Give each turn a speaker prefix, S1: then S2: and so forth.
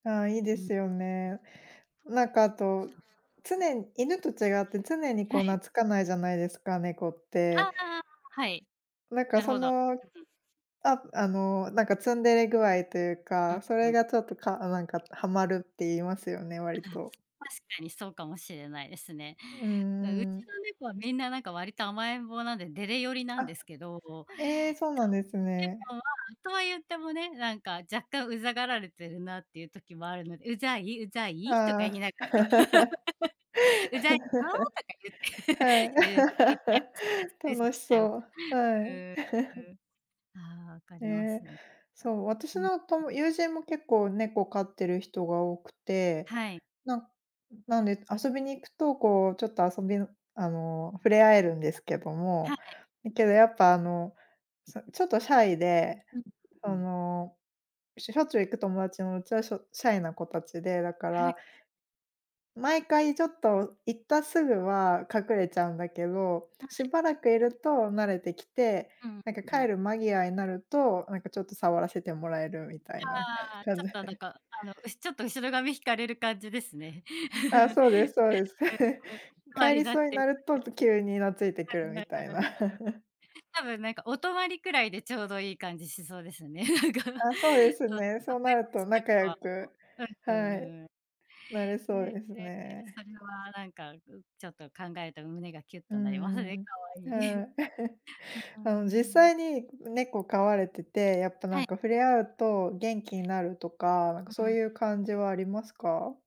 S1: ああ、いいで
S2: うん。
S1: すよね。なんか、あと、つね犬と違って常に、
S2: は
S1: こう、
S2: い。
S1: 懐かないじゃないですか、猫っ
S2: ああ
S1: て。
S2: ああああ、はい。
S1: なんか、
S2: なる
S1: そ
S2: ほど。
S1: の、
S2: うん。
S1: あ、あの、なんか、ツンデレ具合という
S2: うん
S1: か、それ
S2: うん。
S1: がちょっとかあ、なんか、はまるって言いますよね、割
S2: ああ、
S1: と。
S2: 確かにそうかもしれないですね。
S1: う
S2: あ、う
S1: んう
S2: ち
S1: ん。
S2: の猫は、みんな、なんか、割と甘えん坊なんで、デレ寄りなん
S1: あ、
S2: ですけど。そう。
S1: ええ、そうなんですね。
S2: でも、とは言ってもね、なんか、若干うざがられてるなっていう時もあるので。うざい？うざ
S1: あ
S2: い？とか言い
S1: あ。
S2: ながら、ま。うざいの？とか言って。
S1: はい。
S2: うーん、言ったりと かし
S1: 楽し
S2: て
S1: そう、は
S2: うー
S1: い。
S2: ん、うん。ああ、分か
S1: え
S2: ります
S1: え。
S2: ね。いや、
S1: そう、私
S2: うん。
S1: のとも友人も結構、猫飼ってる人が多くて。
S2: はい。
S1: なんなんで遊びに行くと、こう、ちょっと遊びのあの、触れ合えるんですけど
S2: は
S1: も。
S2: い。
S1: だけどやっぱ、あの、さちょっとシャイで、
S2: うんう
S1: そ
S2: ん。
S1: の、しょしょっちゅう行く友達のうちはしょシャイな子たちで。だか
S2: はい。
S1: ら、毎回ちょっと行ったすぐは、隠れちゃうんだけど、
S2: は
S1: し
S2: い。
S1: ばらくいると慣れてきて、
S2: うん
S1: なんか、
S2: う
S1: 帰
S2: ん。
S1: る間際になると、なんか、ちょっと触らせてもらえるみたいな
S2: ああ、ち
S1: 感
S2: ょっ
S1: じ
S2: と、なん
S1: で。
S2: か、あの、うちょっと後ろ髪引かれる感じですね。
S1: あ、そうですそうです。
S2: うんうん、かわ
S1: 帰
S2: り
S1: り
S2: なっ
S1: そうに
S2: て。
S1: なると、と、急になついてくるみたいな。
S2: 多分なんか、お泊りくらいでちょうどいい感じしそうですよね、なんか。
S1: あ、そうですね、そうなると仲良 く
S2: うん、うんう
S1: はい、
S2: んうん。
S1: なれ
S2: ええ
S1: そう
S2: え
S1: です
S2: えええ、
S1: ね。
S2: それは、なんか、ちょちょっと考えると胸がキュッ
S1: う
S2: となります
S1: ん
S2: ね。
S1: うん。
S2: 可愛い。
S1: は
S2: う
S1: い。
S2: ううー
S1: あの、実
S2: ん。
S1: 際に猫飼われてて、やっぱ、な
S2: は
S1: ん
S2: い。
S1: か、触れ合うと元気になるとか、なんか、
S2: うう
S1: そう
S2: ん。
S1: いう感じはありますか？